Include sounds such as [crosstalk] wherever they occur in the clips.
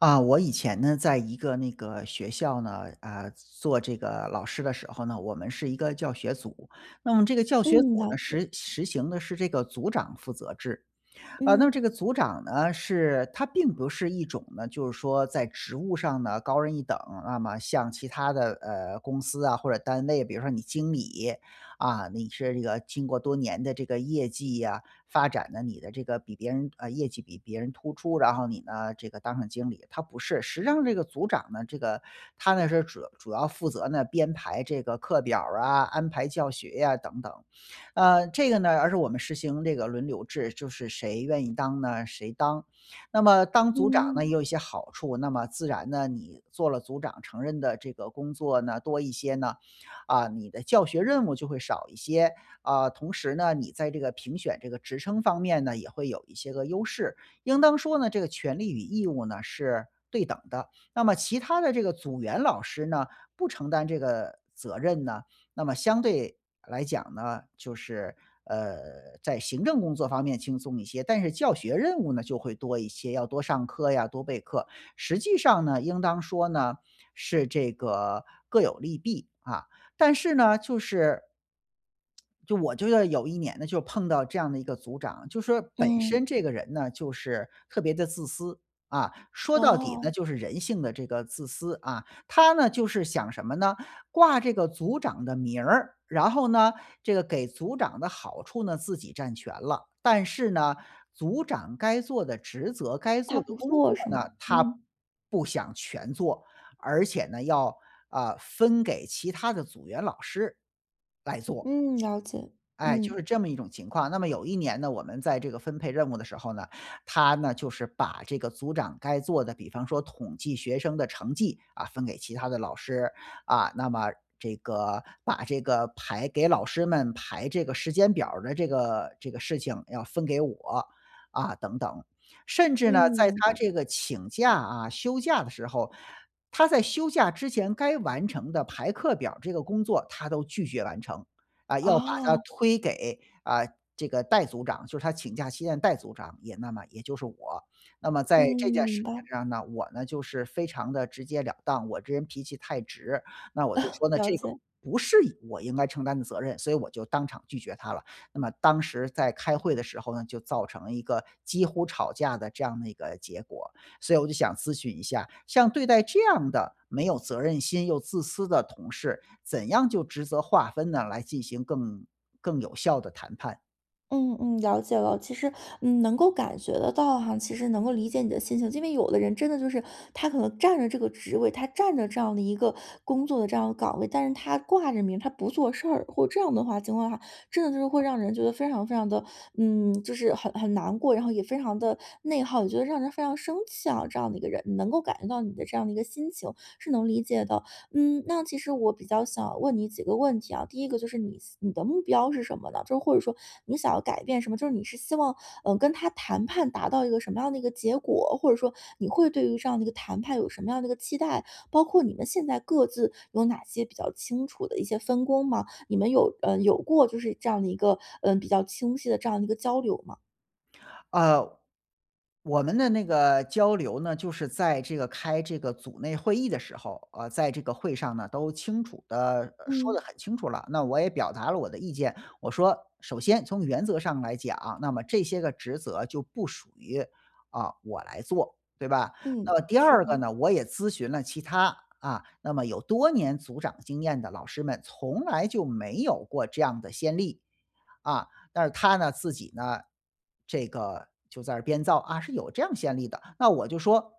啊，我以前呢，在一个那个学校呢，啊，做这个老师的时候呢，我们是一个教学组，那么这个教学组嗯，了呢，解。实实行的是这个组长负责制。呃，那么嗯。这个组长呢，是他并不是一种呢就是说在职务上呢，高人一等，那么像其它的，呃，公司啊或者单位比如说你经理，啊，你是这个经过多年的这个业绩呀、发展呢，你的这个比别人啊，业绩比别人突出，然后你呢，这个当上经理，他不是。实际上这个组长呢，这个他呢，是主要主要负责呢，编排这个课表儿啊、安排教学呀等等。呃，这个呢而是我们实行这个轮流制，就是谁愿意当呢，谁当。那么当组长呢，嗯。也有一些好处，那么自然呢，你做了组长承认的这个工作呢，多一些呢，啊，你的教学任务就会少一些，啊，同时呢，你在这个评选这个职称方面呢，也会有一些个优势，应当说呢，这个权利与义务呢，是对等的。那么其他的这个组员老师呢，不承担这个责任呢，那么相对来讲呢，就是，呃，在行政工作方面轻松一些，但是教学任务呢，就会多一些，要多上课呀、多备课。实际上呢，应当说呢，是这个各有利弊，啊，但是呢，就是就我就，啊，有一年呢，就碰到这样的一个组长，就说本身嗯。这个人呢，就是特别的自私，啊，说到底哦。呢，就是人性的这个自私，啊，他呢，就是想什么呢？挂这个组长的名儿，然后呢，这个给组长的好处呢，自己占全了，但是呢，组长该做的职责、该他做的不工作做是呢，吗？他嗯。不想全做，而且呢，要，呃，分给其他的组员老师来做。嗯，了解。哎，就是嗯。这么一种情况。那么有一年呢，我们在这个分配任务的时候呢，他呢，就是把这个组长该做的比方说统计学生的成绩，啊，分给其他的老师。啊，那么这个把这个排给老师们排这个时间表儿的这个这个事情要分给我，啊，等等。甚至嗯，呢，在明白。他这个请假啊，休假的时候，他在休假之前该完成的排课表儿这个工作他都拒绝完成。啊，要把它哦。推给，啊，这个代组长，就是他请假期间的代组长，也那么也就是我。那么嗯，在这件儿事明情白。上呢，我呢，就是非常地直接了当，我这人脾气太直，那我就 [coughs] 说呢，了这个解。不是我应该承担的责任，所以我就当场拒绝他了，那么当时在开会的时候呢，就造成了一个几乎吵架的这样的一个结果。所以我就想咨询一下，像对待这样的，没有责任心又自私的同事，怎样就职责划分呢，来进行更更有效的谈判？嗯嗯，了解了。其实，嗯，能够感觉得到哈，其实能够理解你的心情。因为有的人真的就是，他可能占着这个职位，他占着这样的一个工作的这样岗位，但是他挂着名他不做事儿，或这样的话情况的话，真的就是会让人觉得非常非常的，嗯，就是很很难过，然后也非常的内耗，也觉得让人非常生气啊，这样的一个人。能够感觉到你的这样的一个心情，是能理解的。嗯，那其实我比较想问你几个问题啊，第一个就是你你的目标是什么呢？就或者说你想要改变什么，就是你是希望，呃，跟他谈判达到一个什么样的一个结果，或者说你会对于这样的一个谈判有什么样的一个期待，包括你们现在各自有哪些比较清楚的一些分工吗？你们有呃，有过就是这样的一个，呃，比较清晰的这样一个交流吗？呃，我们的那个交流呢，就是在这个开这个组内会议的时候，啊，在这个会上呢，都清楚地说得嗯。很清楚了，那我也表达了我的意见。我说：“首先从原则上来讲，那么这些个职责就不属于，啊，我来做，对吧？嗯，那么第是二个的。呢，我也咨询了其他，啊，那么有多年组长经验的老师们，从来就没有过这样的先例。”啊，但是他呢，自己呢，这个就在这儿编造：“啊，是有这样先例的”。那我就说：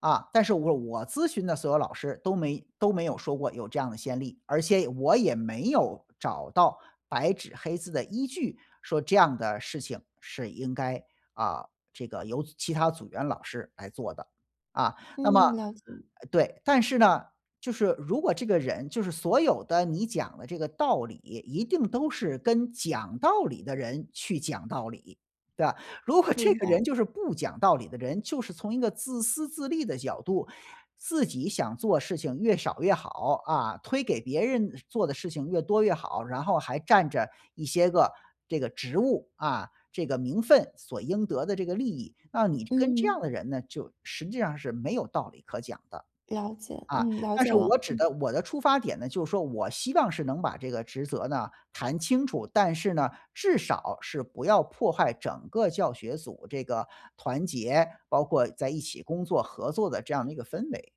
“啊，但是我我咨询的所有老师都没都没有说过有这样的先例，而且我也没有找到白纸黑字的依据，说这样的事情是应该，啊，这个由其他组员老师来做的。”啊，那么嗯，了解。对，但是呢，就是如果这个人就是所有的你讲的这个道理，一定都是跟讲道理的人去讲道理，对吧。如果这明个白。人就是不讲道理的人，就是从一个自私自利的角度，自己想做事情越少越好，啊，推给别人做的事情越多越好，然后还占着一些个这个职务，啊，这个名分所应得的这个利益，让你跟这嗯。样的人呢，就实际上是没有道理可讲的。了解，啊，嗯，了但解是了，我指嗯。的我的出发点呢，就说我希望是能把这个职责呢，谈清楚，但是呢，至少是不要破坏整个教学组这个团结，包括在一起工作、合作的这样的一个氛围，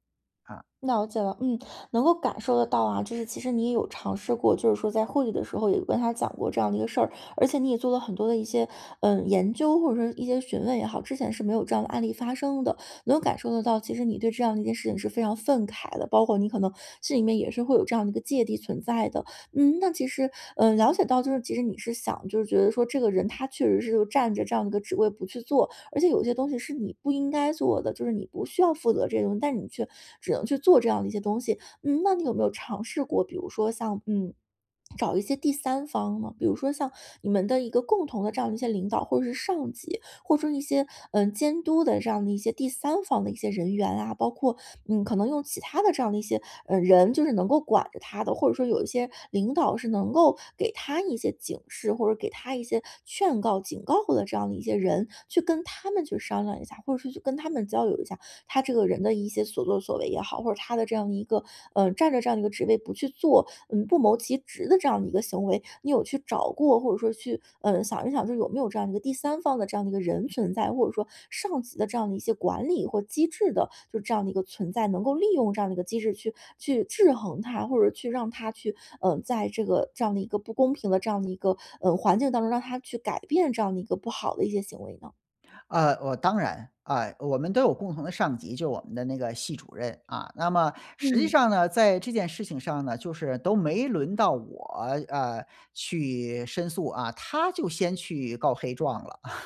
啊。了解了，嗯，能够感受得到啊，就是其实你也有尝试过，就是说在会议的时候有跟他讲过这样一个事儿。而且你也做了很多的一些，呃，研究，或者说一些询问也好，之前是没有这样的案例发生的。能感受得到，其实你对这样的一件事情是非常愤慨的，包括你可能心里面也是会有这样的一个芥蒂存在的。嗯，那其实呃，了解到就是其实你是想，就是觉得说这个人他确实是占着这样的一个职位不去做，而且有些东西是你不应该做的，就是你不需要负责这个东西，但你却只能去做这样的一些东西。嗯，那你有没有尝试过，比如说像，嗯，[swallows] 找一些第三方嘛，比如说像你们的一个共同的这样的一些领导，或者是上级，或者说一些，呃，监督的这样的一些第三方的一些人员啊，包括，嗯，可能用其他的这样的一些，呃，人，就是能够管着他的，或者说有一些领导是能够给他一些警示，或者给他一些劝告、警告的这样的一些人。去跟他们去商量一下，或者说去跟他们交流一下，他这个人的一些所作所为也好，或者他的这样一个，呃，占在这样的一个职位不去做，嗯，不谋其职的这样的一个行为。你有去找过或者说去，呃，想一想这有没有这样一个第三方的这样的一个人存在，或者说上级的这样的一些管理或机制的，就这样的一个存在，能够利用这样的一个机制去去制衡他。或者去让他去，呃，在这个这样的一个不公平的这样的一个，呃，环境当中，让他去改变这样的一个不好的一些行为呢？呃，我当然，啊，我们都有共同的上级，就我们的那个系主任，啊，那么实际嗯。上呢，在这件事情上呢，就是都没轮到我，呃，去申诉，啊，他就先去告黑状了。[laughs] 哎，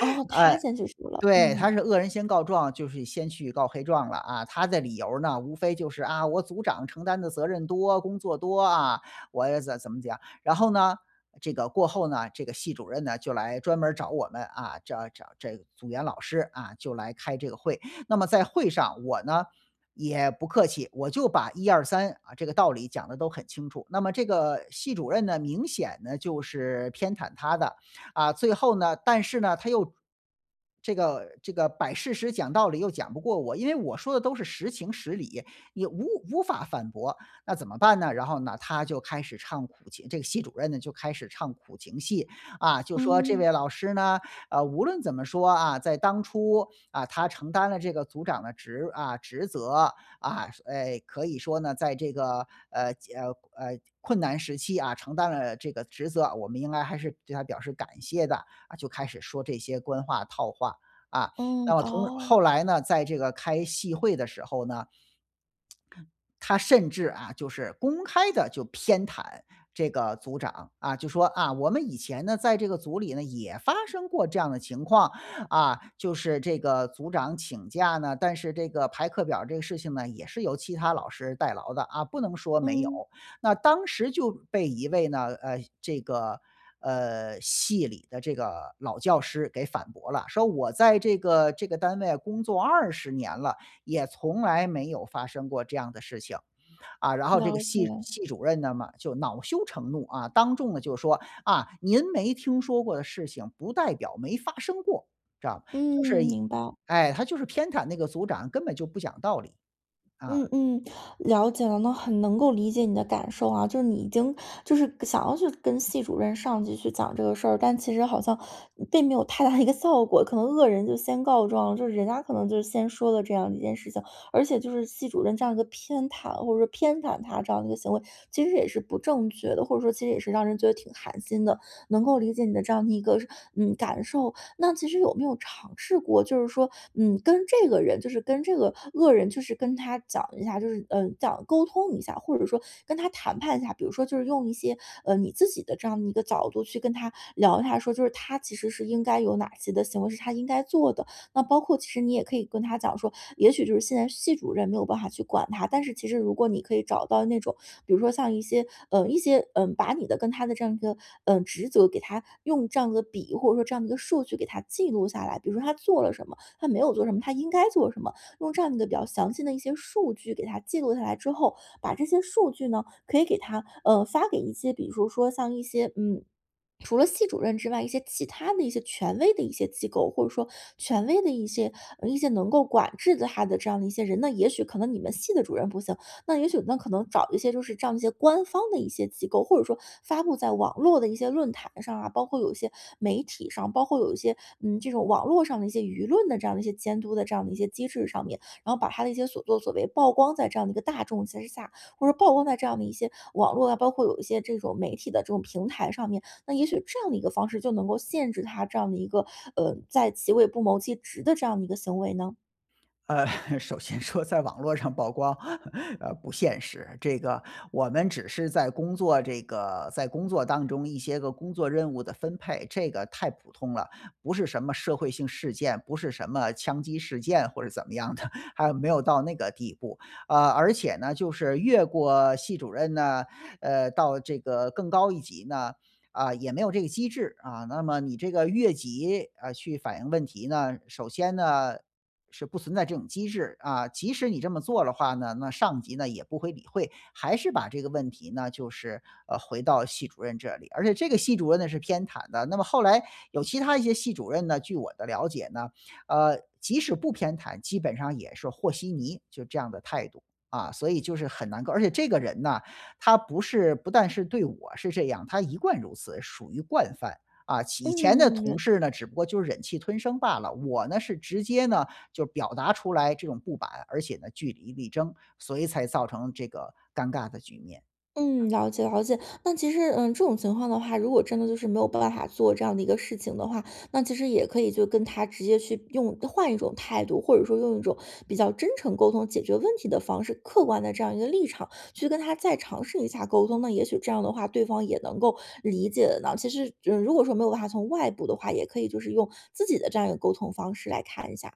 哦，他先去输了，对。他嗯。是恶人先告状，就是先去告黑状了，啊，他的理由儿呢，无非就是，啊，我组长承担的责任多、工作多，啊，我怎怎么讲。然后呢，这个过后呢，这个系主任呢，就来专门儿找我们，啊，找找这组员老师啊，就来开这个会。那么在会上，我呢，也不客气，我就把1、2、3，啊，这个道理讲得都很清楚。那么这个系主任呢，明显呢，就是偏袒他的。啊，最后呢但是呢，他又这个这个摆事实、讲道理又讲不过我，因为我说的都是实情实理，也无无法反驳，那怎么办呢？然后呢，他就开始唱苦情这个系主任呢，就开始唱苦情戏，啊，就说这嗯。位老师呢，呃，无论怎么说，啊，在当初，啊，他承担了这个组长的职啊，职责，啊，哎，可以说呢，在这个，呃，呃，呃，困难时期，啊，承担了这个职责，我们应该还是对他表示感谢的。啊，就开始说这些官话、套话。啊，嗯，那么同后哦。来呢，在这个开戏会的时候呢他甚至，啊，就是公开地就偏袒这个组长，啊，就说：“啊，我们以前呢，在这个组里呢也发生过这样的情况。啊，就是这个组长请假呢，但是这个排课表儿这个事情呢，也是由其他老师代劳的，啊，不能说没有。”嗯。那当时就被一位呢呃，这个，呃，系里的这个老教师给反驳了，说我在这个这个单位工作20年了，也从来没有发生过这样的事情。啊，然后这个了系解。系主任呢嘛，就恼羞成怒，啊，当众呢，就说：“啊，您没听说过的事情不代表没发生过。”知道，就是嗯，明白。哎，他就是偏袒那个组长，根本就不讲道理，啊。嗯嗯，了解了，那很能够理解你的感受啊，就是你已经就是想要去跟系主任、上级去讲这个事儿，但其实好像并没有太大的一个效果。可能恶人就先告状，就是人家可能就是先说了这样一件事情。而且就是系主任这样一个偏袒，或者说偏袒他这样的一个行为，其实也是不正确的，或者说其实也是让人觉得挺寒心的。能够理解你的这样的一个，嗯，感受。那其实有没有尝试过，就是说，嗯，跟这个人就是跟这个恶人，就是跟他讲一下，就是，呃，讲沟通一下，或者说跟他谈判一下。比如说就是用一些，呃，你自己的这样的一个角度去跟他聊，他说就是他其实是应该有哪些的行为是他应该做的。那包括其实你也可以跟他讲说，也许就是现在系主任没有办法去管他，但是其实如果你可以找到那种比如说像一些呃，一些呃，把你的跟他的这样一个，呃，职责，给他用这样一个笔或者说这样一个数据给他记录下来，比如说他做了什么，他没有做什么，他应该做什么。用这样一个比较详细的一些数据给他记录下来之后，把这些数据呢，可以给他呃，发给一些比如说像一些，嗯，除了系主任之外，一些其它的一些权威的一些机构，或者说权威的一些一些能够管制他的这样的一些人。那也许可能你们系的主任不行，那也许那可能找一些就是这样一些官方的一些机构，或者说发布在网络的一些论坛上啊，包括有一些媒体上，包括有一些，嗯，这种网络上的一些舆论的这样的一些监督的这样的一些机制上面。然后把他的一些所作所为曝光在这样一个大众之下，或者曝光在这样一些网络啊，包括有一些这种媒体的这种平台上面，那也许这样的一个方式就能够限制他这样的一个，呃，在其位不谋其职的这样一个行为呢？呃，[chuckles] 首先说在网络上曝光，[chuckles] 呃，不现实，这个我们只是在工作这个在工作当中一些个工作任务的分配，这个太普通了。不是什么社会性事件，不是什么枪击事件或者怎么样的，还没有到那个地步。啊，而且呢，就是越过系主任呢，呃，到这个更高一级呢，啊，也没有这个机制。啊，那么你这个越级，呃，去反映问题呢，首先呢，是不存在这种机制。啊，即使你这么做了话呢，那上级呢，也不会理会，还是把这个问题呢，就是，呃，回到系主任这里，而且这个系主任呢，是偏袒的。那么后来有其他一些系主任呢，据我的了解呢，呃，即使不偏袒，基本上也是和稀泥，就这样的态度。啊，所以就是很难搞，而且这个人呢，他不是不但是对我是这样，他一贯如此，属于惯犯。啊，其以前的同嗯。事呢，只不过就忍气吞声罢了，我呢，是直接呢，就是表达出来这种不满，而且呢，据理力争，所以才造成这个尴尬的局面。嗯。嗯，了解，了解。那其实，呃，这种情况的话，如果真的就是没有办法做这样的一个事情的话，那其实也可以就跟他直接去用换一种态度。或者说用一种比较真诚沟通、解决问题的方式，客观的这样一个立场去跟他再尝试一下沟通，那也许这样的话，对方也能够理解的呢。其实，嗯，如果说没有办法从外部的话，也可以就是用自己的这样一个沟通方式来看一下。